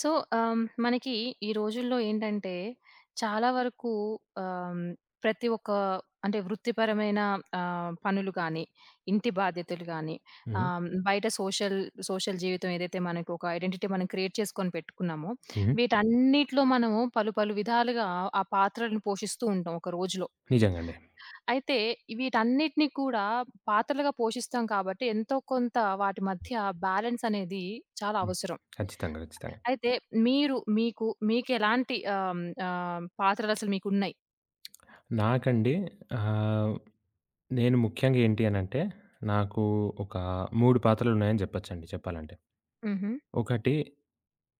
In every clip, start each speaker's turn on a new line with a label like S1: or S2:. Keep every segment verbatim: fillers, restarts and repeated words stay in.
S1: So, ఆహ్, హ్మ్. మనకి ఈ రోజుల్లో ఏంటంటే, చాలా వరకు ఆహ్, ప్రతి ఒక్క అంటే వృత్తిపరమైన ఆహ్, పనులు కానీ, ఇంటి బాధ్యతలు గాని,
S2: హ్మ్.
S1: ఆహ్, బయట సోషల్ సోషల్ జీవితం ఏదైతే మనకు ఒక ఐడెంటిటీ మనం క్రియేట్ చేసుకొని పెట్టుకున్నామో,
S2: హ్మ్.
S1: వీటన్నిటిలో మనము పలు, పలు విధాలుగా ఆ పాత్రలను పోషిస్తూ ఉంటాం ఒక రోజులో.
S2: నిజంగండి.
S1: అయితే వీటన్నిటిని కూడా పాత్రలుగా పోషిస్తాం కాబట్టి, ఎంతో కొంత వాటి మధ్య బ్యాలెన్స్ అనేది చాలా
S2: హ్మ్.
S1: అవసరం.
S2: ఖచ్చితంగా. ఖచ్చితంగా.
S1: అయితే మీరు మీకు మీకెలాంటి ఆహ్, ఆహ్, పాత్రలసలు మీకున్నాయి?
S2: నాకండి ఆహ్, నేను ముఖ్యంగా ఏంటి అనంటే, నాకు ఒక మూడు పాత్రలున్నాయని చెప్పొచ్చండి చెప్పాలంటే.
S1: హుహు.
S2: ఒకటి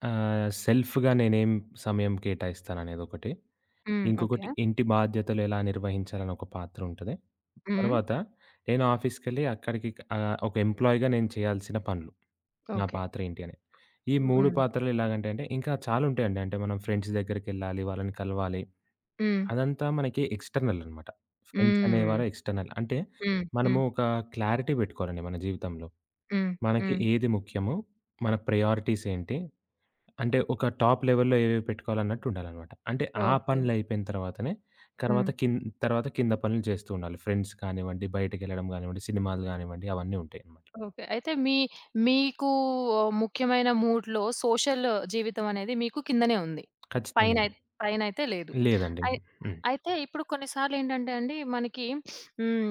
S2: ఆహ్, సెల్ఫ్‌గా నేనేం సమయం కేటాయిస్తాను అనేదొకటి,
S1: హ్మ్.
S2: ఇంకొకటి
S1: ఓకే.
S2: ఇంటి బాధ్యతలు ఎలా నిర్వహించాలనొక పాత్ర ఉంటది,
S1: హ్మ్.
S2: తర్వాత నేను ఆఫీస్‌‌కెళ్ళి అక్కడికి ఆహ్, ఒక ఎంప్లాయిగా నేను చేయాల్సిన పనులు. నా
S1: ఓకే.
S2: పాత్ర ఏంటి అని. ఈ
S1: హ్మ్.
S2: మూడు
S1: హ్మ్.
S2: పాత్రలు ఎలాగంటే అంటే అండి, ఇంకా చాలా ఉంటాయండి. అంటే మనం ఫ్రెండ్స్ దగ్గరికెళ్ళాలి, వాళ్ళని కలవాలి.
S1: హ్మ్.
S2: అదంతా మనకి ఎక్స్‌ట్రనల‌నమాట. ఫ్రెండ్స్
S1: హ్మ్.
S2: అనేవారు ఎక్స్‌ట్రనల్. అంటే
S1: హ్మ్. హ్మ్.
S2: మనము
S1: హ్మ్.
S2: ఒక క్లారిటీ పెట్టుకోవాలండి మన జీవితంలో.
S1: హ్మ్.
S2: మనకి
S1: హ్మ్.
S2: ఏది ముఖ్యమో, మన ప్రయారిటీస్ ఏంటి, అంటే ఒక టాప్ లెవెల్‌లో ఏవేవి పెట్టుకోవాలన్నట్టు ఉండాలన్నమాట. అంటే ఆ
S1: ఓకే.
S2: పనులు అయిపోయిన తరువాతనే తర్వాత
S1: హ్మ్.
S2: కింద్ తర్వాత కింద పనులు జేస్తూ ఉండాలి. ఫ్రెండ్స్ కానివ్వండి, బయటికెళ్ళడం గానివ్వండి, సినిమాలు గానివ్వండి అవన్నీ ఉంటాయి అనమాట.
S1: ఓకే. అయితే మీ మీకు ముఖ్యమైన మూడ్‌లో సోషల్ జీవితం అనేది మీకు కిందనే ఉంది.
S2: ఖచ్చితంగా అండి.
S1: పైనైత్ పైనయితే లేదు.
S2: లేదండి.
S1: అయ్
S2: హ్మ్.
S1: అయితే ఇప్పుడు కొన్ని సార్లేంటంటే అండి మనకి హ్మ్.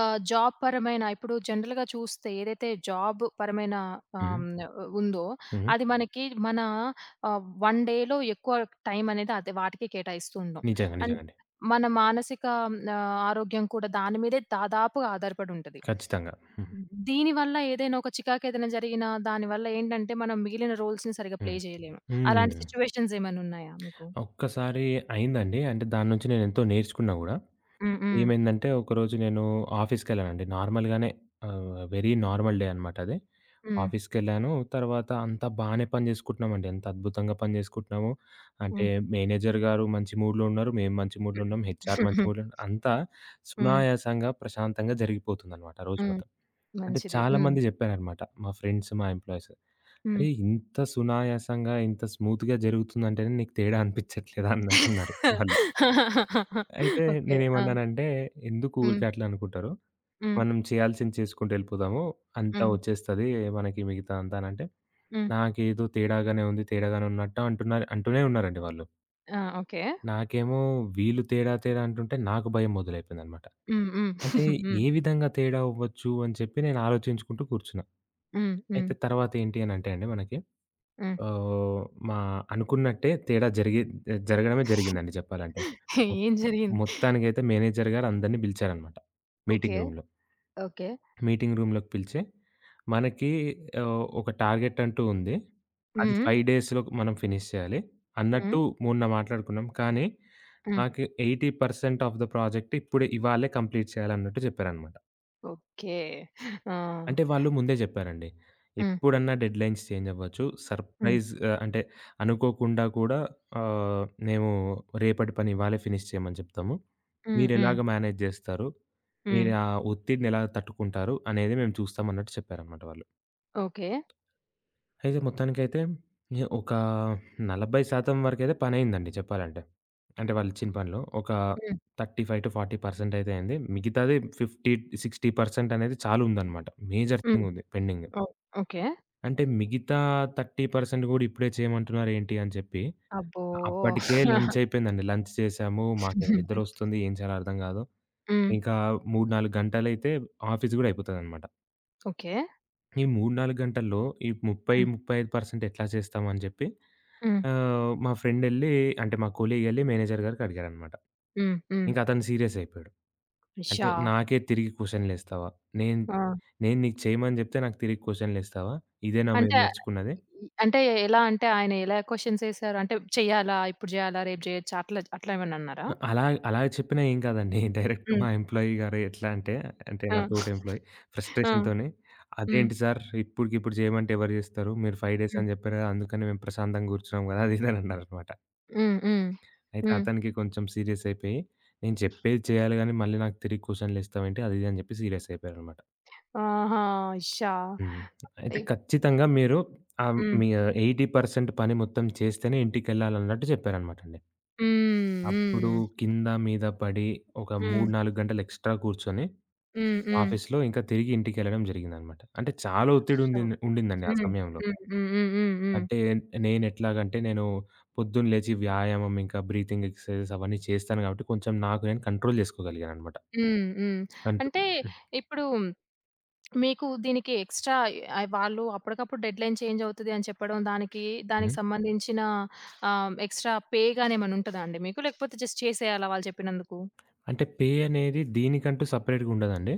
S1: ఆహ్, జాబ్ పరమైన ఇప్పుడు జనరల్‌గా చూస్తే, ఏదైతే జాబ్ పరమైన ఆ! హ్మ్.
S2: హ్మ్.
S1: న ఉందో
S2: హ్మ్.
S1: అది మనకి మన ఆహ్, వన్ డే‌లో ఎక్కువ టైం అనేది అదే వాటికే కేటాయిస్తూ ఉన్నం.
S2: నిజంగా.
S1: అండ్
S2: నిజంగాండి.
S1: మన మానసిక ఆహ్, ఆరోగ్యం కూడా దాని మీదే దాదాపుగా ఆధారపడుంటది.
S2: ఖచ్చితంగా. హ్మ్.
S1: దీని వల్ల ఏదైనా ఒక చికాకేదైనా జరిగిన, దానివల్ల ఏంటంటే, మనం మిగిలిన రోల్స్‌ని సరిగ్గా ప్లే
S2: హ్మ్.
S1: చేయలేం. అలాంటి
S2: హ్మ్.
S1: సిట్యుయేషన్స్ ఏమైనా ఉన్నాయా మీకు?
S2: ఒక్కసారి అయిందండి. అంటే దాన్నుంచి నేనెంతో నేర్చుకున్నా గూడా.
S1: హ్మ్. హ్మ్.
S2: ఏమైందంటే, ఒకరోజు నేను ఆఫీస్‌కెళ్ళానండి. నార్మల్‌గానే ఆహ్, వెరీ నార్మల్ డే అనమాట అది.
S1: హ్మ్.
S2: ఆఫీస్‌కెళ్ళాను, తర్వాత అంతా బానే పని చేసుకుంటున్నామండి. ఎంత అద్భుతంగా పని చేసుకుంటున్నాము. అంటే,
S1: హ్మ్.
S2: మేనేజర్ గారు మంచి మూడ్‌లో ఉన్నారు. మేము మంచి మూడ్‌లో
S1: హ్మ్.
S2: ఉన్నాం. హెచ్ఆర్ మంచి మూడ్‌లో ఉన్నారు. అంతా
S1: హ్మ్.
S2: సునాయాసంగా, ప్రశాంతంగా జరిగిపోతుందనమాట రోజు
S1: హ్మ్.
S2: మొత్తం. అంటే
S1: మంచిది. హ్మ్.
S2: చాలామంది జెప్పారనమాట, మా ఫ్రెండ్సు, మా ఎంప్లాయీసు.
S1: హ్మ్.
S2: "అరేయ్! ఇంత సునాయాసంగా, ఇంత స్మూత్‌గా జరుగుతుందంటేనే నీకు తేడా అనిపించట్లేదా?" అన్న అన్నట్టన్నారు వాళ్ళు. అయితే
S1: ఓకే. ఆ!
S2: నేనేమన్నానంటే, "ఎందుకు ఊరికే
S1: హ్మ్.
S2: అట్లా అనుకుంటారు,
S1: హ్మ్.
S2: మనం చేయాల్సింది చేసుకుంటూ ఎళ్ళిపోదాము, అంతా
S1: హ్మ్.
S2: ఒచ్చేస్తది. మనకి మిగతా అంతా" అనంటే,
S1: హ్మ్.
S2: "నాకేదో తేడాగానే ఉంది, తేడాగానే ఉన్నట్టు" అంటున్నారు అంటూనే ఉన్నారండి వాళ్ళు.
S1: ఆ! ఓకే.
S2: నాకేమో వీళ్ళు తేడా, తేడా అంటుంటే నాకు భయం మొదలైపోయిందన్నమాట.
S1: హ్మ్. హ్మ్.
S2: అంటే,
S1: హ్మ్.
S2: ఏ విధంగా తేడా అవ్వచ్చు, అని చెప్పి నేను ఆలోచించుకుంటూ కూర్చున్నా.
S1: హ్మ్. హ్మ్.
S2: అయితే తర్వాతేంటి అనంటే అండి మనకి,
S1: హ్మ్.
S2: ఆహ్, మా అనుకున్నట్టే తేడా జరిగి జరగడమే జరిగిందండి చెప్పాలంటే. మొత్త
S1: ఏం జరిగింది?
S2: మొత్తానికైతే మేనేజర్ గారు అందరిని పిలిచారన్నమాట.
S1: ఓకే.
S2: మీటింగ్ రూమ్‌లో.
S1: ఓకే.
S2: మీటింగ్ రూమ్‌లోకి పిలిచి, "మనకి ఆహ్, ఒక టార్గెట్ అంటూ ఉంది.
S1: హ్మ్.
S2: అది
S1: హ్మ్.
S2: ఫైవ్ డేస్‌లో మనం ఫినిష్ చేయాలి
S1: హ్మ్.
S2: అన్నట్టు మొన్న మాట్లాడుకున్నాం. కానీ,
S1: హ్మ్.
S2: నాకు eighty percent of the project ఇప్పుడే, ఇవాళే కంప్లీట్ చేయాలి" అన్నట్టు చెప్పారన్నమాట.
S1: ఓకే. ఆ!
S2: అంటే వాళ్ళు ముందే జెప్పారండి.
S1: హ్మ్.
S2: ఎప్పుడన్నా డెడ్‌లైన్స్ చేంజవ్వచ్చు.
S1: హ్మ్.
S2: సర్‌ప్రైజ్ ఆహ్, అంటే అనుకోకుండా కూడా ఆహ్, మేము రేపటి పని ఇవాళే ఫినిష్ చేయమని చెప్తము.
S1: హ్మ్. హ్మ్.
S2: మీరెలాగా మేనేజ్ జేస్తారు, మీరే
S1: హ్మ్.
S2: ఆ ఒత్తిడినెలా తట్టుకుంటారు, అనేది మేము చూస్తం అన్నట్టు చెప్పారనమాట వాళ్ళు.
S1: ఓకే.
S2: అయితే మొత్తానికైతే ఇహ ఒక నలభై శాతం వరకైతే పనైందండి చెప్పాలంటే. అంటే వాళ్ళిచ్చిన పనిలో. ఒక
S1: హ్మ్.
S2: థర్టీ ఫైవ్ టూ ఫార్టీ పర్సెంటయితే అయింది. మిగితాది ఫిఫ్టీ, సిక్స్టీ పర్సెంటనేది చాలా ఉందనమాట. మేజర్
S1: హ్మ్.
S2: థింగ్ ఉంది పెండింగ్.
S1: ఓహ్! ఓకే.
S2: అంటే మిగితా థర్టీ పర్సెంట్ గూడా ఇప్పుడే చేయమంటున్నారేంటి అని చెప్పి,
S1: అబ్బో!
S2: అప్పటికే లంచ్ అయిపోయిందండి, లంచ్ చేసాము, మాకు నిద్దరొస్తుంది, ఏం చేయాలో అర్థం గాదు.
S1: హ్మ్.
S2: ఇంకా మూడు, నాలుగు గంటలైతే ఆఫీస్ గూడా అయిపోతదనమాట.
S1: ఓకే.
S2: ఈ మూడు, నాలుగు గంటల్లో ఈ ముప్పై,
S1: హ్మ్.
S2: ముప్పై ఐదు పర్సెంట్ ఎట్లా చేస్తాం అని జెప్పి,
S1: హ్మ్.
S2: ఆహ్, మా ఫ్రెండెళ్ళి అంటే మా కొలీగెళ్ళి మేనేజర్ గారికడిగారనమాట.
S1: హ్మ్. హ్మ్.
S2: ఇంకతను సీరియస్ అయిపోయాడు. "అంటే
S1: అష్షా!
S2: నాకే తిరిగి క్వశ్చన్లేస్తావా? నేను
S1: ఆ!
S2: నేను నీకు చేయమని జెప్తే నాకు తిరిగి క్వశ్చన్లేస్తావా? ఇదేనా మీరు
S1: అంటే,
S2: నేర్చుకున్నది?"
S1: ఈ అంటే ఎలా అంటే, ఆయనెలా క్వశ్చన్సేసారు? అంటే చెయ్యాలా? ఇప్పుడు జేయాలా? రేపు జేయొచ్చా? అట్లా అట్లేమన్నా అన్నారా?
S2: ఆహ్, అలా అలా చెప్పినా ఏం గాదండి. డైరెక్ట్
S1: హ్మ్.
S2: మా ఎంప్లాయీ గారు ఎట్లా అంటే, అంటే
S1: ఆ!
S2: నాతోటి ఎంప్లాయీ,
S1: ఆ!
S2: ‌ఫ్రస్ట్రేషన్‌తోని
S1: హ్మ్.
S2: "అదేంటి సార్ ఇప్పడుకిప్పుడు జేయమంటే ఎవరు జేస్తరు? మీరు ఫైవ్ డేస్
S1: హ్మ్.
S2: అని జెప్పారు గదా! అందుకని మేము ప్రశాంతంగూర్చున్నాం గదా!" అదీ ఇది ఇదన్నారుమాట.
S1: హ్మ్. హ్మ్.
S2: అయితే
S1: హ్మ్.
S2: అతనికి కొంచెం సీరియసయిపోయి, "నేను చెప్పేది చేయాలి గాని మళ్ళీ నాకు తిరిగి క్వశ్చన్‌లేస్తావేంటి" అది ఇది అని జెప్పి సీరియసయిపోయారనమాట.
S1: ఆహా! అశ్య!
S2: హ్మ్. అయితే
S1: ఇప్
S2: ఖచ్చితంగా మీరు ఆ! హ్మ్.
S1: హ్మ్.
S2: మీ ఎయిటీ పర్సెంట్ పని మొత్తం చేస్తేనే ఇంటికెళ్ళాలన్నట్టు జెప్పారనమాట అండి.
S1: హ్మ్.
S2: అప్పుడు
S1: హ్మ్.
S2: కింద మీద పడి, ఒక
S1: హ్మ్.
S2: మూడు నాలుగు గంటలు ఎక్స్‌ట్రా కూర్చొని
S1: హ్మ్. హ్మ్.
S2: ఆఫీస్‌లో, ఇంకా తిరిగి ఇంటికెళ్ళడం జరిగిందనమాట. అంటే చాలా ఒత్తిడి
S1: సో,
S2: ఉందింది ఉండిందండి ఆ
S1: హ్మ్.
S2: సమయంలో.
S1: హ్మ్. హ్మ్. హ్మ్. హ్మ్. హ్మ్.
S2: అంటే నేనెట్లాగంటే, నేను పొద్దున లేచి వ్యాయామం ఇంకా బ్రీతింగ్ ఎక్సర్‌సైజెస్ అవన్నీ చేస్తాను కాబట్టి కొంచెం నాకు నేను కంట్రోల్ చేసుకోగలిగాననమాట.
S1: హ్మ్. హ్మ్.
S2: కంట్రో
S1: అంటే,
S2: హ్మ్.
S1: ఇప్పుడు మీకు దీనికి ఎక్స్‌ట్రా అయ్ వాళ్ళు అప్పటికప్పుడు డెడ్‌లైన్ చేంజ్ అవుతది అని చెప్పడం, దానికి దానికి
S2: హ్మ్.
S1: సంబంధించిన ఆహ్, ఎక్స్‌ట్రా పే గాని ఏమన్నా ఉంటదా అండి మీకు? లేకపోతే జస్ట్ చేసేయాలా వాళ్ళు చెప్పినందుకు?
S2: అంటే పే అనేది దీనికంటూ సెపరేట్‌గుండదండి.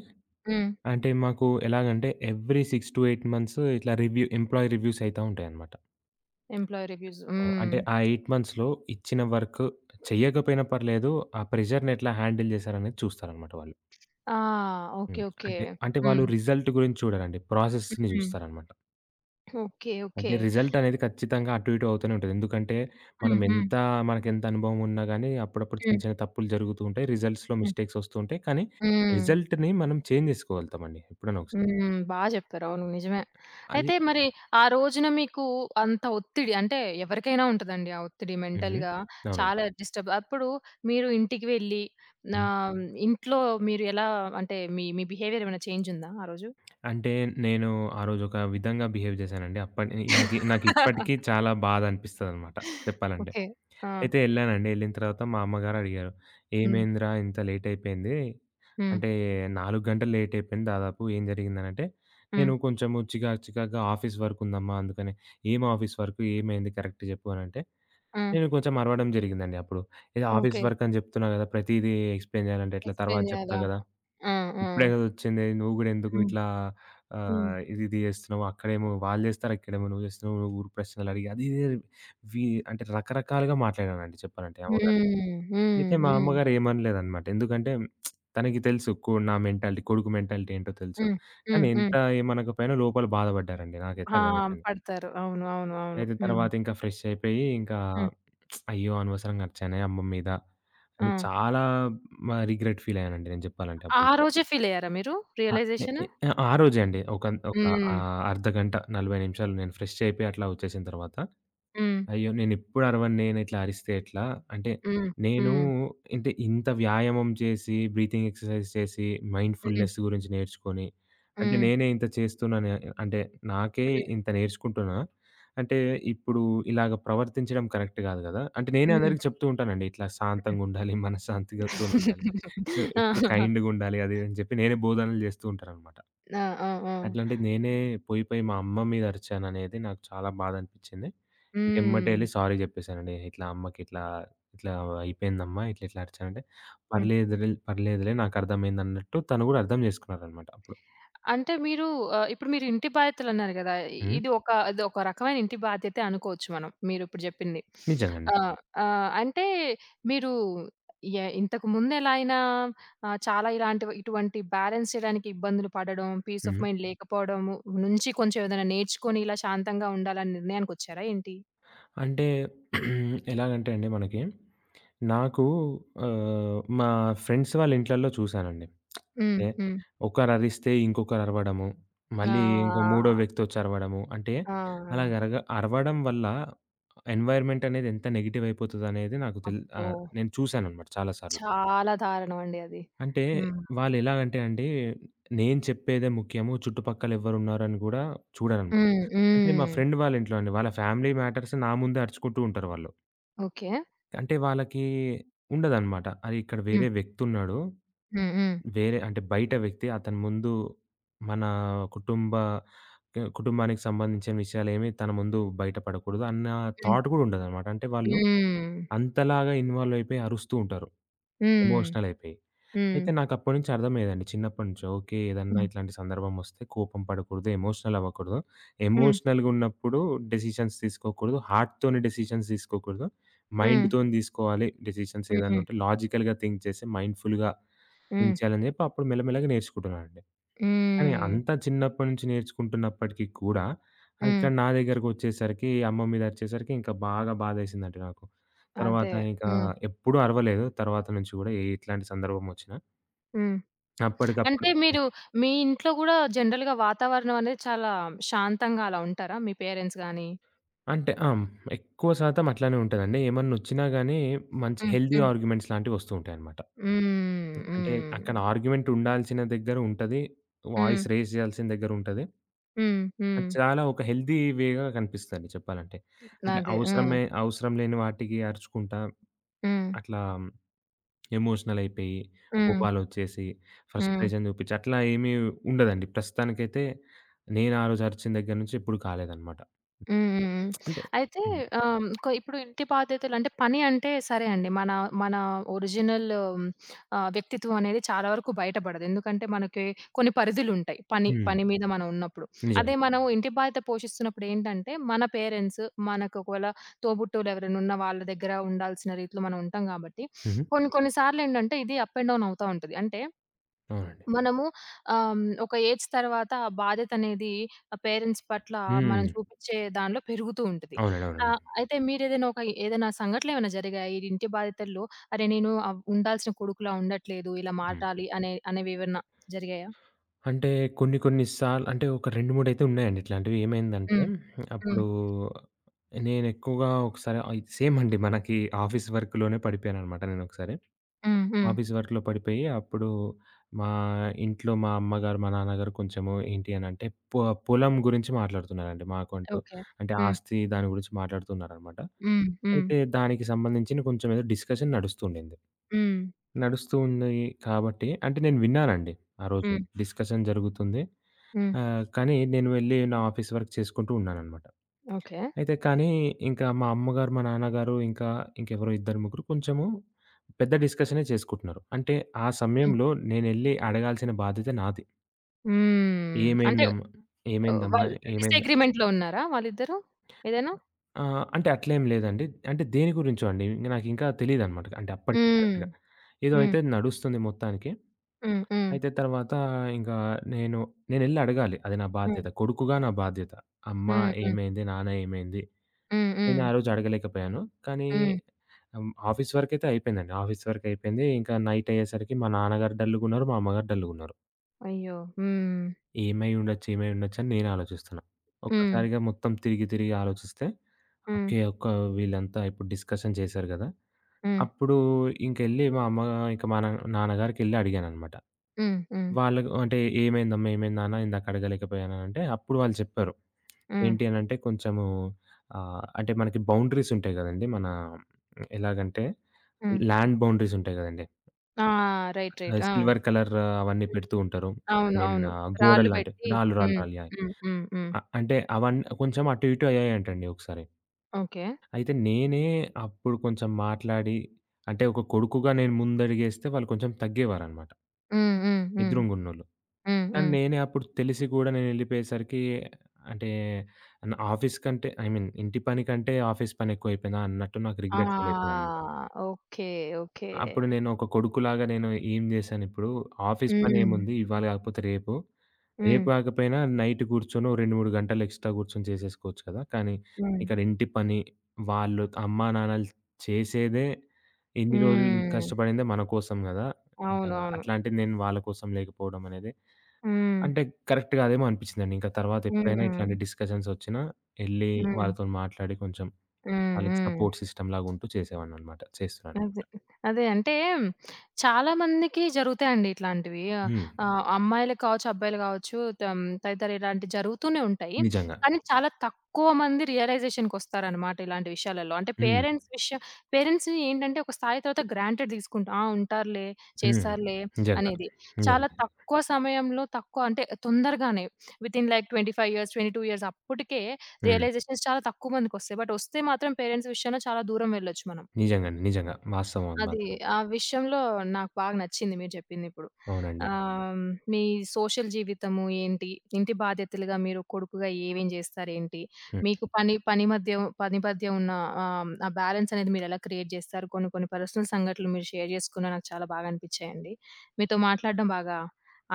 S1: హ్మ్.
S2: అంటే మాకు ఎలాగంటే, every six to eight months ఇట్లా రివ్యూ ఎంప్లాయీ రివ్యూస్ అయితా ఉంటాయనమాట.
S1: Employee reviews.
S2: ఆ!
S1: హ్మ్.
S2: అంటే ఆ ఎయిట్ మంత్స్‌లో ఇచ్చిన వర్క్ చెయ్యకపోయినా పర్లేదు ఆ ప్రెజర్‌ని ఎట్లా హ్యాండిల్ చేసారనేది చూస్తారనమాట వాళ్ళు.
S1: ఆ! ఓకే.
S2: హ్మ్.
S1: ఓకే.
S2: అంటే అంటే వాళ్ళు
S1: హ్మ్.
S2: రిజల్ట్ గురించి చూడరండి. ప్రాసెస్‌ని
S1: హ్మ్.
S2: చూస్తారనమాట.
S1: హ్మ్. ఓకే. ఓకే.
S2: అంటే రిజల్టనేది ఖచ్చితంగా అటు ఇటు అవుతూనే ఉంటది. ఎందుకంటే, మనం
S1: హ్మ్. హ్మ్.
S2: ఎంతా మనకెంత అనుభవం ఉన్న గానీ అప్పుడప్పుడు
S1: హ్మ్.
S2: చిన్న చిన్న తప్పులు జరుగుతూంటాయి. రిజల్ట్స్‌లో
S1: హ్మ్.
S2: మిస్టేక్స్ ఒస్తూంటాయి. కానీ
S1: హ్మ్.
S2: రిజల్ట్‌ని మనం చేంజ్ చేసుకోగలుతామండి ఎప్పుడైనా ఒకసారి.
S1: హ్మ్. బా జెప్పారవును. నిజమే.
S2: అది
S1: అయితే మరి ఆ రోజున మీకూ అంత ఒత్తిడి అంటే ఎవరికైనా ఉంటదండి. ఆ ఒత్తిడి
S2: హుహు.
S1: మెంటల్‌గా
S2: అవునండి.
S1: చాలా డిస్టర్బ్ అప్పుడు మీరు ఇంటికి వెళ్లి నా
S2: హ్మ్.
S1: ఇంట్లో మీరెలా అంటే మీ మీ బిహేవియరేమైనా చేంజుందా ఆ రోజు?
S2: అంటే నేను ఆ రోజొక విధంగా బిహేవ్ జేశానండి. అప్పడి నాకి నాకిప్పటికీ చాలా బాధనిపిస్తదనమాట చెప్పాలంటే.
S1: ఓకే. ఆ!
S2: అయితే ఎళ్ళానండి. ఎళ్ళిన తర్వాత మా అమ్మగారడిగారు.
S1: హ్మ్.
S2: ఏమైందిరా ఇంత లేటయిపోయింది,
S1: హ్మ్.
S2: అంటే నాలుగు గంటలు లేటయిపోయింది దాదాపు ఏం జరిగిందనంటే,
S1: హ్మ్.
S2: నేను కొంచెం చికాకు చికాకుగా ఆఫీస్ వర్కుందమ్మా అందుకని ఏమి ఆఫీస్ వర్క్ ఏమైంది కరెక్ట్ జెప్పు అనంటే,
S1: ఆ!
S2: నేను కొంచుం అరవడం జరిగిందండి. అప్పుడు ఇది ఆఫీస్
S1: ఓకే.
S2: వర్కని జెప్తున్నా గదా! ప్రతీదీ ఎక్స్‌ప్లెయిన్ జేయాలంటే ఎట్లా తర్వాత
S1: ఎక్స్‌ప్లెయిన్
S2: జెప్తా
S1: చేయ్యాలా?
S2: గదా!
S1: ఆ! ఆ!
S2: ఇప్పుడే గదా ఒచ్చింది నువ్వు గూడా
S1: హ్మ్.
S2: ఎందుకిట్లా
S1: హ్మ్.
S2: ఆహ్, ఇదిది జేస్తున్నావక్కడేమో వాళ్ళు చేస్తారు, ఇక్కడేమో నువ్వు చేస్తున్నావు. ఊరు ప్రశ్నలడిగి అదిది వి అంటే రకరకాలుగా మాట్లాడనండి చెప్పాలంటే.
S1: హ్మ్.
S2: ఏమో గానీ, అయితే
S1: హ్మ్.
S2: మా
S1: హ్మ్.
S2: అమ్మగారేమనలేదనమాట. ఎందుకంటే, తనకి తెలుసు కు నా మెంటాలిటీ కొడుకు మెంటాలిటీ ఏంటో తెలుసు.
S1: హ్మ్.
S2: కానీ
S1: హ్మ్.
S2: ఎంత
S1: హ్మ్.
S2: ఏమనకపోయినా, లోపల బాధబడ్డారండి నాకైతే
S1: ఆ!
S2: అర్ధమైపోయింది.
S1: పడతారు. అవును. అవును. అవును.
S2: అయితే
S1: హ్మ్.
S2: తర్వాతింకా ఫ్రెషయిపోయి, ఇంకా
S1: హ్మ్.
S2: అయ్యో! అనవసరంగా అరిచానే అమ్మ మీద అని
S1: ఆ!
S2: చాలా మ రిగ్రెట్ ఫీలయ్యానండి. నేను జెప్పాలంటే
S1: ఆ
S2: అప్పుడు.
S1: రోజే ఫీలయ్యారా మీరు?
S2: ఆ! ఏ
S1: రియలైజేషన్.
S2: ఏ ఆ రోజే అండి. ఒకన్ ఒక
S1: హ్మ్.
S2: ఆహ్, అర్ధగంట, నలభై నిమిషాలు నేను ఫ్రెషయిపోయి అట్లా ఒచ్చేసిన తర్వాత
S1: హ్మ్.
S2: అయ్యో! నేనెప్పుడరవను నేనిట్లా అరిస్తే ఎట్లా, అంటే
S1: హ్మ్.
S2: నేనూ
S1: హ్మ్.
S2: అంటే ఇంత వ్యాయామం చేసి, బ్రీతింగ్ ఎక్సర్‌సై‌జ్ చేసి, మైండ్‌
S1: హ్మ్.
S2: ఫుల్‌నెస్‌ గురించి నేర్చుకొని, అంటే
S1: హ్మ్.
S2: నేనే ఇంత చేస్తున్నాను. అంటే నాకే
S1: హ్మ్.
S2: ఇంత నేర్చుకుంటున్నా, అంటే ఇప్పుడు ఇలాగ ప్రవర్తించడం కరెక్ట్ కాదు గదా! అంటే నేనే
S1: హ్మ్.
S2: అందరికి చెప్తూ ఉంటానండి. ఇట్లా శాంతంగుండాలి మనశాంతిగా
S1: హ్మ్.
S2: ఇంట్లొనుండాలి. ఆ! ఇప్పుడు
S1: ఆహాహా!
S2: కైండ్‌గుండాలి అది ఇదని జెప్పి నేనే బోధనలు జేస్తూ ఉంటాననమాట.
S1: ఆ! ఆ! ఆ!
S2: అట్లాంటి నేనే పోయిపోయి మా అమ్మ మీద అరిచాననేది నాకు చాలా బాధనిపిచింది. ఎమ్మటే ఎళ్లి
S1: హ్మ్.
S2: సారీ జెప్పేసానండి. ఇట్లా అమ్మకి ఇట్లా ఇట్లా అయిపోయిందమ్మా, ఇట్లా ఇట్లా అరిచానంటే
S1: హ్మ్.
S2: పర్లేదులే పర్లేదులే. నాకర్థమైందన్నట్టు తను గూడా అర్థం జేసుకున్నాదనమాటప్పుడు.
S1: అంటే మీరు ఆహ్, ఇప్పుడు మీరింటి బాధ్యతలన్నారు గదా!
S2: హ్మ్.
S1: ఇది ఒక ఇదొక రకమైన ఇంటి బాధ్యతే అనుకోచ్చు మనం. మీరిప్పుడు జెప్పింది.
S2: నిజంగండి.
S1: ఆ! ఆహ్, అంటే మీరూ యాహ్! ఇంతకు ముందెలయినా ఆహ్, చాలా ఇలాంటి, ఇటువంటి బ్యాలన్స్ చేయడానికి ఇబ్బందులు పడడం, పీస్ ఆఫ్
S2: హుహు.
S1: మైండ్ లేకపోడము నుంచి కొంచెం ఏదైనా నేర్చుకొని ఇలా శాంతంగా ఉండాలని నిర్ణయానికొచ్చారా ఏంటి?
S2: అంటే ఎలాగంటే అండి మనకి, నాకూ ఆహ్, మా ఫ్రెండ్స్ వాళ్ళ ఇంట్లల్లో చూశానండి.
S1: హ్మ్.
S2: అంటే
S1: హ్మ్.
S2: ఒకరరిస్తే ఇంకొకరు అరవడము. మళ్ళీ ఇంకో మూడో
S1: ఆ!
S2: వ్యక్తొచ్చరవడము. అంటే,
S1: ఆ!
S2: అలాగా
S1: ఆ!
S2: అరగ అరవడం వల్ల ఎన్‌వైర్‌మెంటనేది ఎంత నెగెటివయిపోతుందనేది నాకు తెలి
S1: అబ్బో!
S2: ఆహ్, నేను చూసాననమాట చాలా సార్లు.
S1: చాలా దారుణమండి అది.
S2: అంటే,
S1: హ్మ్.
S2: వాళ్ళెలాగంటే అండీ. నేను చెప్పేదే ముఖ్యము, చుట్టుపక్కలెవరున్నారని గూడా చూడరండి.
S1: హ్మ్.
S2: అంటే మా
S1: హ్మ్.
S2: ఫ్రెండ్ వాళ్ళ ఇంట్లోండి వాళ్ళ ఫ్యామిలీ మ్యాటర్స్ నా ముందే అరుచుకుంటూ ఉంటారు వాళ్ళు.
S1: ఓకే.
S2: అంటే వాళ్ళకి ఉండదన్నమాట. అది ఇక్కడ
S1: హ్మ్.
S2: వేరే వ్యక్తున్నాడు.
S1: హ్మ్. హ్మ్.
S2: వేరే అంటే బయట వ్యక్తి. అతని ముందు మన కుటుంబ కుటుంబానికి సంబంధించిన విషయాలు ఏమీ తన ముందు బయట పడకూడదు. అన్న
S1: హ్మ్.
S2: థాట్ కూడా ఉండదన్నమాట. అంటే వాళ్ళు
S1: హ్మ్.
S2: అంతలాగా ఇన్‌వాల్వ్ అయిపోయి అరుస్తూ ఉంటారు.
S1: హ్మ్.
S2: ఎమోషనల్ అయిపోయి.
S1: హ్మ్.
S2: అయితే నాకు అప్పటినుంచి అర్థం అయ్యేదండి. చిన్నప్పటినుంచి ఓకే! ఏదన్నా
S1: హ్మ్.
S2: ఇట్లాంటి సందర్భం వస్తే కోపం పడకూడదు, ఎమోషనల్ అవ్వకూడదు.
S1: హ్మ్.
S2: ఎమోషనల్‌గున్నప్పుడు డెసిషన్స్ తీసుకోకూడదు. హార్ట్‌తోని డెసిషన్స్ తీసుకోకూడదు.
S1: హ్మ్.
S2: మైండ్‌తోని దీసుకోవాలి. డెసిషన్స్ ఏదైనా
S1: హ్మ్.
S2: ఉంటే, లాజికల్‌గా థింక్ చేసి మైండ్‌ఫుల్‌గా
S1: హ్మ్.
S2: ఉంచాలని చెప్పి అప్పుడు మెల్లమెల్లగా నేర్చుకుంటున్నానండి. కానీ
S1: హ్మ్.
S2: అంత చిన్నప్పటి నుంచి నేర్చుకుంటున్నప్పటికీ కూడా ఆహ్,
S1: హ్మ్.
S2: ఇక్కడ నా దగ్గరకొచ్చేసరికి అమ్మ మీద అరిచేసరికి ఇంకా బాగా బాధేసిందండి నాకు. తర్వాత
S1: అదే.
S2: ఇక
S1: హ్మ్.
S2: ఎప్పుడూ అరవలేదు తర్వాత నుంచి కూడా ఏట్లాంటి సందర్భం ఒచ్చినా.
S1: హ్మ్.
S2: అప్పటికప్పుడు
S1: అంటే
S2: హ్మ్.
S1: మీరు మీ ఇంట్లో గూడా జనరల్‌గా వాతావరణం అనేది చాలా శాంతంగా అలా ఉంటారా? మీ పేరెంట్స్ గాని
S2: అంటే ఆ! ఎక్కువ శాతం అట్లనే ఉంటదండి. ఏమన్నొచ్చినా గాని మంచి
S1: హ్మ్.
S2: హెల్తీ
S1: హ్మ్.
S2: ఆర్గ్యుమెంట్స్ లాంటివి ఒస్తూ ఉంటాయన్నమాట.
S1: హ్మ్.
S2: అంటే అక్కడ
S1: హ్మ్.
S2: ఆర్గ్యుమెంట్ ఉండాల్సిన దగ్గర ఉంటది. వాయిస్
S1: హ్మ్.
S2: రైజ్ జేయాల్సిన దగ్గరుంటది.
S1: హ్మ్. హ్మ్.
S2: అది చాలా ఒక హెల్తీ వే‌గా కనిపిస్తదండి చెప్పాలంటే. అంటే
S1: నదే. హ్మ్.
S2: అవసరమే, అవసరం లేని వాటికి అరుచుకుంటా
S1: హ్మ్.
S2: అట్లా ఎమోషనల్ అయిపోయి,
S1: హ్మ్.
S2: కోపాలొచ్చేసి,
S1: హ్మ్.
S2: ఫ్రస్ట్రేషన్ చూపిచ్చి అట్లా ఏమీ ఉండదండి. ప్రస్తుతానికైతే నేనారోజు అర్చిన దగ్గర నుంచి ఎప్పుడూ కాలేదనమాట.
S1: హ్మ్. హ్మ్. హ్మ్.
S2: అంటే
S1: అయితే
S2: హ్మ్.
S1: ఆహ్, క ఇప్పుడు ఇంటి బాధ్యతలు అంటే, పని అంటే సరే అండి. మన మన ఒరిజినల్ ఆహ్, వ్యక్తిత్వం అనేది చాలా వరకు బయటబడదు. ఎందుకంటే, మనకి కొన్ని పరిధులుంటాయి పని
S2: హ్మ్.
S1: పని మీద మనం ఉన్నప్పుడు. అదే
S2: నిజమండి.
S1: మనం ఇంటి బాధ్యత పోషిస్తున్నప్పుడేంటంటే, మన పేరెంట్స్ మనకొకవేళ తోబుట్టోలెవరైనా ఉన్న వాళ్ళ దగ్గర ఉండాల్సిన రీతిలో మనం ఉంటాం కాబట్టి,
S2: హుహు.
S1: కొన్ని కొన్ని సార్లెంటంటే, ఇది అప్ అండ్ డౌన్ అవుతా ఉంటుంది. అంటే
S2: అవునండి.
S1: మనము ఆ! హ్మ్. ఒక ఏజ్ తరువాత బాధ్యతనేది ఆ పేరెంట్స్ పట్ల మనం
S2: హ్మ్.
S1: చూపించే దాంట్లో పెరుగుతూ ఉంటది.
S2: అవునండి. అవునండి.
S1: ఆహ్, అయితే మీరేదైనా ఒక ఏదైనా సంఘటనలేమైనా జరిగాయా? ఈ ఇంటి బాధ్యతల్లో అరే! నేను ఉండాల్సిన కొడుకులా ఉండట్లేదు ఇలా
S2: హ్మ్.
S1: మాటాలి అనే అనేవేవన్నా జరిగాయా?
S2: అంటే కొన్ని కొన్ని సార్లు అంటే ఒక రెండు మూడయితే ఉన్నాయండి ఇట్లాంటివి. ఏమైందంటే
S1: హ్మ్. హ్మ్.
S2: అప్పుడు నేనెక్కువగా ఒకసారి ఆహ్, సేమ్ అండి. మనకి ఆఫీస్ వర్క్‌లోనే పడిపోయాననమాట నేనొకసారి.
S1: హ్మ్. హ్మ్.
S2: ఆఫీస్ వర్క్‌లో పడిపోయి అప్పుడు మా ఇంట్లో మా అమ్మగారు, మా నాన్నగారు కొంచెం ఏంటి అనంటే పొ పొలం గురించి మాట్లాడుతున్నారండి. మాకంటూ
S1: ఓకే.
S2: అంటే,
S1: హ్మ్.
S2: ఆస్తి దాని గురించి మాట్లాడుతున్నారనమాట.
S1: హ్మ్. హ్మ్.
S2: అయితే దానికి సంబంధించిన కొంచెం ఏదో డిస్కషన్ నడుస్తూండింది.
S1: హ్మ్.
S2: నడుస్తూ ఉంది కాబట్టి అంటే నేను విన్నానండి ఆరోజు.
S1: హ్మ్.
S2: డిస్కషన్ జరుగుతుంది.
S1: హ్మ్.
S2: ఆహ్, కానీ నేను వెళ్ళి నా ఆఫీస్ వర్క్ చేసుకుంటూ ఉన్నాననమాట.
S1: ఓకే.
S2: అయితే కానీ ఇంకా మా అమ్మగారు, మా నాన్నగారు ఇంకా ఇంకెవరో ఇద్దరు ముగ్గురు కొంచెము పెద్ద డిస్కషనే చేసుకుంటున్నారు. అంటే ఆ
S1: హ్మ్.
S2: సమయంలో నేనెళ్ళి అడగాల్సిన బాధ్యత నాది.
S1: హ్మ్. అంటే
S2: ఏమైందమ్
S1: ఆహ్,
S2: ఏమైందమ్మా?
S1: వాళ్ళు
S2: ఏమైంద్
S1: డిసగ్రీమెంట్‌లో ఉన్నారా వాళ్ళిద్దరు ఏదైనా?
S2: ఆహ్, అంటే అట్లేమి లేదండి. అంటే దేని గురించో అండి. ఇంగ నాకింకా తెలియదన్నమాట, అంటే అప్పటికి
S1: హ్మ్.
S2: కరెక్ట్‌గా. ఏదో
S1: హ్మ్.
S2: అయితే నడుస్తుంది మొత్తానికి.
S1: హ్మ్. హ్మ్.
S2: అయితే తర్వాత ఇంకా నేను నేనెళ్ళి అడగాలి అది నా
S1: హ్మ్.
S2: బాధ్యత. కొడుకుగా నా బాధ్యత. అమ్మ
S1: హ్మ్. హ్మ్.
S2: ఏమైంది? నాన్న ఏమైంది?
S1: హ్మ్. హ్మ్.
S2: నేనారోజు అడగలేకపోయాను. కానీ
S1: హ్మ్.
S2: ఆహ్ ఆఫీస్ వర్క్ అయితే అయిపోయిందండి. ఆఫీస్ వర్క్ అయిపోయింది. ఇంకా నైట్ అయ్యేసరికి మా నాన్నగారు డల్లుగున్నారు. మా అమ్మగారు డల్లుగున్నారు.
S1: అయ్యో! హ్మ్.
S2: ఏమై ఉండొచ్చు, ఏమై ఉండొచ్చు, అని నేను ఆలోచిస్తున్నా.
S1: హ్మ్.
S2: ఒక్కసారిగా మొత్తం తిరిగి తిరిగి ఆలోచిస్తే,
S1: హ్మ్.
S2: ఓకే. ఒక్క వీళ్ళంతా ఇప్పుడు డిస్కషన్ చేశారు గదా!
S1: హ్మ్.
S2: అప్పుడు ఇంకెళ్ళి మా అమ్మ ఇంక మా న నాన్నగారికేళ్లి అడిగానన్నమాట.
S1: హ్మ్. హ్మ్.
S2: వాళ్ళ అంటే ఏమైందమ్మా, ఏమైంది నాన్న, ఇందాక అడగలేకపోయానంటే అప్పుడు వాళ్ళు జెప్పారు.
S1: హ్మ్.
S2: ఏంటి అని అంటే, కొంచెము ఆహ్, అంటే మనకి బౌండరీస్ ఉంటాయి గదండీ! మన ఎలాగంటే,
S1: హ్మ్.
S2: ల్యాండ్ బౌండరీస్ ఉంటాయి గదండీ!
S1: ఆ! రైట్. రైట్. ఆ!
S2: సిల్వర్ కలర్ అవన్నీ పెడుతూ ఉంటారు.
S1: అవును.
S2: ఐమీన్
S1: అవును.
S2: ఆహ్, గోడలు
S1: రాళ్ళు
S2: లాంటివి.
S1: పెట్టి.
S2: రాళ్ళు, రాళ్ళు,
S1: హ్మ్.
S2: రాళ్ళు యాహ్!
S1: హ్మ్. హ్మ్. హ్మ్.
S2: అ అంటే అవన్నీ కొంచెం అటు ఇటు అయ్యాయంటండి ఒకసారి.
S1: ఓకే.
S2: అయితే నేనే అప్పుడు కొంచెం మాట్లాడి అంటే ఒక కొడుకుగా నేను ముందడుగేస్తే వాళ్ళు కొంచెం తగ్గేవారనమాట.
S1: హ్మ్. హ్మ్. హ్మ్.
S2: ఎదురుంగున్నోళ్ళు.
S1: హ్మ్.
S2: కానీ
S1: హ్మ్.
S2: నేనే అప్పుడు తెలిసి గూడా నేనేళ్ళిపోయేసరికి అంటే న ఆఫీస్ కంటే, ఐమీన్ ఇంటి పని కంటే ఆఫీస్ పని ఎక్కువ అయిపోయిందా, అన్నట్టు నాకు
S1: ఆ!
S2: రిగ్రెట్ ఫీల్ అయిపోయిందన్నమాట.
S1: ఓకే. ఓకే.
S2: అప్పుడు నేను ఒక కొడుకులాగా నేను ఏం జేశాను ఇప్పుడు, ఆఫీస్
S1: హ్మ్.
S2: పనేముంది ఇవాళ కాకపోతే రేపు, రేపు
S1: హ్మ్.
S2: కాకపోయినా నైట్ కూర్చొని ఒక రెండు మూడు గంటలు ఎక్స్ట్రా కూర్చొని చేసేసుకోవచ్చు కదా! కానీ
S1: హ్మ్.
S2: ఇక్కడ ఇంటి పని వాళ్ళు అమ్మా, నాన్నలు చేసేదే ఇన్ని రోజులు
S1: హ్మ్.
S2: కష్టపడిందే మన కోసం గదా! ఆహ్,
S1: అవునవును.
S2: అట్లాంటిది నేను వాళ్ళ కోసం లేకపోవడమనేది
S1: హ్మ్.
S2: అంటే కరెక్ట్‌గాదేమో అనిపించిందండి. ఇంకా తర్వాత ఎప్పుడైనా ఇట్లాంటి
S1: హ్మ్.
S2: డిస్కషన్స్ ఒచ్చినా ఎళ్లి
S1: హ్మ్.
S2: వాళ్ళతో మాట్లాడి కొంచెం
S1: హ్మ్.
S2: వాళ్ళకి
S1: హ్మ్.
S2: సపోర్ట్ సిస్టమ్ లాగా ఉంటూ చేసేవాడినన్నమాట.
S1: అదే.
S2: చేస్తున్నాన్నమాట.
S1: అదే. అంటే చాలా మందికి జరుగుతాయండి ఇట్లాంటివి.
S2: హ్మ్.
S1: ఆహ్, అమ్మాయిలే కావచ్చు. అబ్బాయిలు కావచ్చు. తం తదితర ఇలాంటి జరుగుతూనే ఉంటాయి.
S2: నిజంగా.
S1: కానీ, చాలా తక్కువ మంది రియలైజేషన్‌ కోస్తారనమాట ఇలాంటి విషయాలలో. అంటే
S2: హ్మ్.
S1: పేరెంట్స్ విష పేరెంట్స్‌ని ఏంటంటే ఒక స్థాయి తర్వాత గ్రాంటెడ్ దీసుకుంటాం. ఆ! ఉంటారులే,
S2: హ్మ్.
S1: చేస్తారులే
S2: నిజంగా.
S1: అనేది. చాలా
S2: నిజంగా.
S1: తక్కువ సమయంలో తక్కువ అంటే తొందరగానే within like twenty five years twenty two years అప్పటికే
S2: హ్మ్.
S1: రియలైజేషన్స్ చాలా తక్కువ మందికోస్తాయి. బట్ వస్తే మాత్రం పేరెంట్స్ విషయంలో చాలా దూరమెళ్ళొచ్చు మనం.
S2: నిజంగాండి. నిజంగా. వాస్తవం అది
S1: అది.
S2: మాత్రం.
S1: ఆ విషయంలో నాకు బాగా నచ్చింది మీరు చెప్పిందిప్పుడు.
S2: అవునండి.
S1: ఆహ్, మీ సోషల్ జీవితము ఏంటి, ఇంటి బాధ్యతలుగా మీరు కొడుకుగా ఏమేమి చేస్తారు ఏంటి,
S2: హ్మ్.
S1: మీకు పని పని మధ్య, పని మధ్య ఉన్న ఆహ్ ఆ బ్యాలన్స్ అనేది మీరు ఎలా క్రియేట్ జేస్తారు, కొన్ని కొన్ని పర్సనల్ సంఘటనలు మీరు షేర్ చేసుకున్న నాకు చాలా బాగా అనిపిచ్చాయండి. మీతో మాట్లాడటం బాగా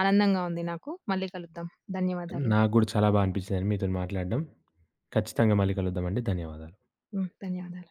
S1: ఆనందంగా ఉంది నాకు. మళ్ళీ కలుద్దాం. ధన్యవాదాలు.
S2: నాకు గూడా చాలా బా అనిపించిందండి మీతోని మాట్లాడడం. ఖచ్చితంగా మళ్ళీ కలుద్దామండి. ధన్యవాదాలు.
S1: హ్మ్. ధన్యవాదాలు.